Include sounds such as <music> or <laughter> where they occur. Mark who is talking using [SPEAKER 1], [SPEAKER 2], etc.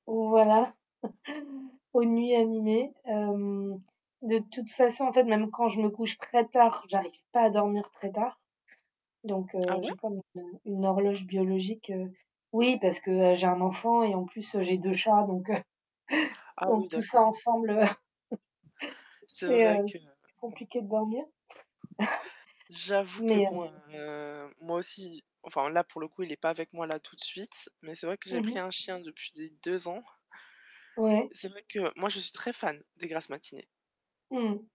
[SPEAKER 1] Voilà, <chuckles> aux nuits animées, hem, de toute façon, en fait, même quand je me couche très tard, j'arrive pas à dormir très tard. Donc,
[SPEAKER 2] Ah
[SPEAKER 1] heu,
[SPEAKER 2] ouais?
[SPEAKER 1] j'ai comme une, heu, une horloge biologique, heu, oui, parce que, heu, j'ai 1 enfant et en plus, j'ai 2 chats, donc, heu, <chuckles>
[SPEAKER 2] Ah oui,
[SPEAKER 1] donc, tout
[SPEAKER 2] d'accord.
[SPEAKER 1] ça ensemble, <chuckles>
[SPEAKER 2] C'est
[SPEAKER 1] c'est,
[SPEAKER 2] vrai
[SPEAKER 1] heu,
[SPEAKER 2] que
[SPEAKER 1] c'est compliqué de dormir.
[SPEAKER 2] j'avoue que
[SPEAKER 1] <chuckles> Mais, heu
[SPEAKER 2] bon, heu, moi aussi, enfin, là, pour le coup, il est pas avec moi, là, tout de suite mais c'est vrai que j'ai
[SPEAKER 1] Mmh
[SPEAKER 2] pris
[SPEAKER 1] mh.
[SPEAKER 2] 1 chien depuis les 2 ans.
[SPEAKER 1] Ouais.
[SPEAKER 2] C'est vrai que moi, je suis très fan des grasses matinées.
[SPEAKER 1] Mmh mh.